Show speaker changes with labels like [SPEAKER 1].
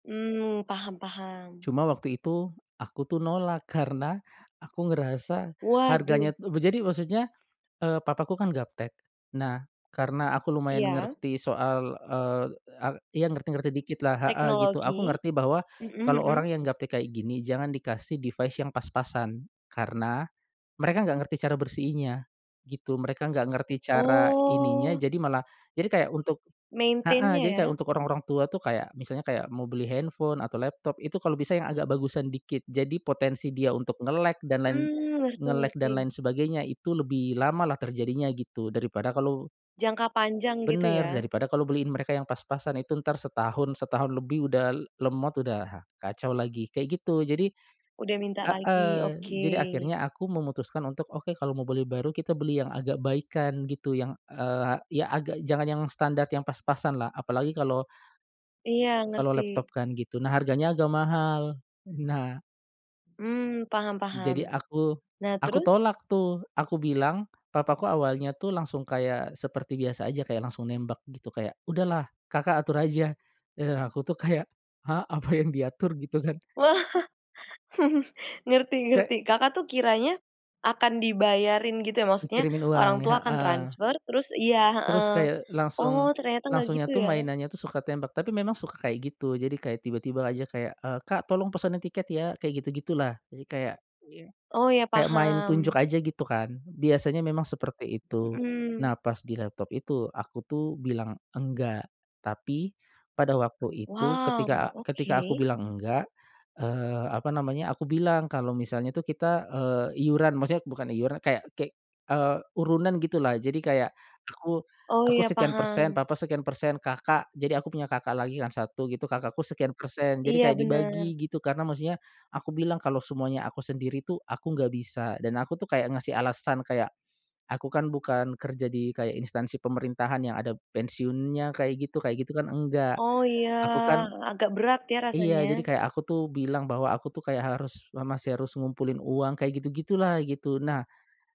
[SPEAKER 1] Mmm, paham paham.
[SPEAKER 2] Cuma waktu itu aku tuh nolak karena aku ngerasa
[SPEAKER 1] Waduh.
[SPEAKER 2] harganya tuh b jadi maksudnya, eee, papaku kan gaptek. Nah, karena aku lumayan
[SPEAKER 1] Iya?
[SPEAKER 2] ngerti soal, eee, a iya ngerti-ngerti dikitlah heeh, gitu. Aku
[SPEAKER 1] Teknologi?
[SPEAKER 2] ngerti bahwa,
[SPEAKER 1] Mhm
[SPEAKER 2] kalau
[SPEAKER 1] mhm.
[SPEAKER 2] orang yang gaptek kayak gini jangan dikasih device yang pas-pasan karena mereka nggak ngerti cara bersihinnya, gitu. Mereka nggak ngerti cara ininya,
[SPEAKER 1] Oh.
[SPEAKER 2] jadi malah jadi kayak untuk heeh,
[SPEAKER 1] Maintain-nya
[SPEAKER 2] jadi kayak
[SPEAKER 1] ya?
[SPEAKER 2] untuk orang-orang tua tuh kayak misalnya kayak mau beli handphone atau laptop, itu kalau bisa yang agak bagusan dikit. Jadi potensi dia untuk nge-lag dan lain
[SPEAKER 1] Mmm, ngerti
[SPEAKER 2] nge-lag dan
[SPEAKER 1] ngerti.
[SPEAKER 2] lain sebagainya, itu lebih lamalah terjadinya gitu, daripada kalau
[SPEAKER 1] Jangka panjang, gitu
[SPEAKER 2] Benar.
[SPEAKER 1] ya?
[SPEAKER 2] Daripada kalau beliin mereka yang pas-pasan, itu entar setahun setahun lebih udah l lemot udah kacau lagi, kayak gitu. Jadi
[SPEAKER 1] Udah minta lagi.
[SPEAKER 2] heeh, jadi
[SPEAKER 1] Oke.
[SPEAKER 2] akhirnya aku memutuskan untuk, "Oke kalau mau beli baru, kita beli yang agak baikan." gitu yang, eee, ya agak jangan yang standar yang pas-pasanlah, apalagi kalau
[SPEAKER 1] Iya,
[SPEAKER 2] kalau laptop
[SPEAKER 1] ngerti.
[SPEAKER 2] kan, gitu, nah harganya agak mahal. Nah
[SPEAKER 1] Mmm, paham paham.
[SPEAKER 2] Jadi aku
[SPEAKER 1] Nah,
[SPEAKER 2] aku
[SPEAKER 1] terus?
[SPEAKER 2] tolak tuh. Aku bilang, papaku awalnya tuh langsung kayak seperti biasa aja, kayak langsung nembak gitu kayak, "Udahlah kakak atur aja." Eee, aku tuh kayak, "Hah? Apa yang diatur?" Gitu kan.
[SPEAKER 1] Wah, ngerti ngerti.
[SPEAKER 2] Kayak
[SPEAKER 1] Kakak tuh kiranya akan dibayarin gitu ya? Maksudnya
[SPEAKER 2] Dikirimin uang,
[SPEAKER 1] orang tua akan
[SPEAKER 2] heeh.
[SPEAKER 1] transfer, terus iya,
[SPEAKER 2] Terus
[SPEAKER 1] heeh.
[SPEAKER 2] kayak,
[SPEAKER 1] Oh,
[SPEAKER 2] langsung
[SPEAKER 1] ternyata nggak gitu
[SPEAKER 2] langsungnya tuh
[SPEAKER 1] ya?
[SPEAKER 2] mainannya tuh suka tembak, tapi memang suka kayak gitu, jadi kayak tiba-tiba aja kayak, eee, "Kak, tolong pesenin tiket ya." kayak gitu-gitulah. Jadi kayak, iya
[SPEAKER 1] Oh, iya
[SPEAKER 2] kayak main tunjuk
[SPEAKER 1] paham.
[SPEAKER 2] aja gitu kan, biasanya memang seperti itu.
[SPEAKER 1] Mhm.
[SPEAKER 2] Nah pas di laptop itu, aku tuh bilang "Enggak." Tapi pada waktu itu, ketika
[SPEAKER 1] Wow.
[SPEAKER 2] ketika aku
[SPEAKER 1] Oke.
[SPEAKER 2] bilang "Enggak." Eee, apa namanya, aku bilang kalau misalnya tuh kita, eee, iuran maksudnya bukan iuran kayak kek eee, urunan, gitulah. Jadi kayak, aku
[SPEAKER 1] Oh,
[SPEAKER 2] aku
[SPEAKER 1] iya
[SPEAKER 2] sekian persen,
[SPEAKER 1] paham.
[SPEAKER 2] papa sekian persen, kakak jadi aku punya kakak lagi kan 1 gitu, kakakku sekian persen. Jadi
[SPEAKER 1] Iya,
[SPEAKER 2] kayak
[SPEAKER 1] benar.
[SPEAKER 2] dibagi gitu karena maksudnya, aku bilang, "Kalau semuanya aku sendiri tuh, aku nggak bisa." dan aku tuh kayak ngasih alasan kayak, "Aku kan bukan kerja di kayak instansi pemerintahan yang ada pensiunnya, kayak gitu kayak gitu kan, enggak.
[SPEAKER 1] Oh, iya,
[SPEAKER 2] Aku kan"
[SPEAKER 1] agak berat ya
[SPEAKER 2] Iya. Jadi
[SPEAKER 1] rasanya?
[SPEAKER 2] kayak aku tuh bilang, bahwa "Aku tuh kayak harus, me masih harus ngumpulin uang." Kayak gitu-gitulah gitu. Nah